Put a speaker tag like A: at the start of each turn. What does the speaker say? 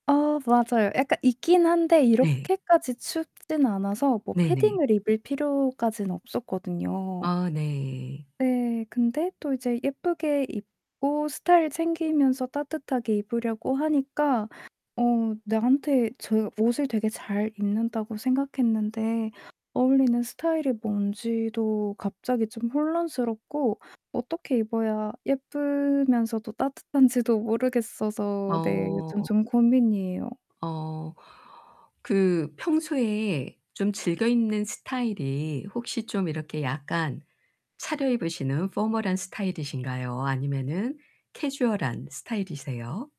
A: 어 맞아요. 약간 입긴 한데
B: 네.
A: 이렇게까지 춥진 않아서 뭐
B: 네네.
A: 패딩을 입을 필요까지는 없었거든요.
B: 아 네.
A: 네, 근데 또 이제 예쁘게 입고 스타일 챙기면서 따뜻하게 입으려고 하니까 어 나한테 제가 옷을 되게 저 잘 입는다고 생각했는데 어울리는 스타일이 뭔지도 갑자기 좀 혼란스럽고 어떻게 입어야 예쁘면서도 따뜻한지도 모르겠어서 네 요즘
B: 어.
A: 좀 고민이에요.
B: 어 그 평소에 좀 즐겨 입는 스타일이 혹시 좀 이렇게 약간 차려입으시는 포멀한 스타일이신가요, 아니면은 캐주얼한 스타일이세요?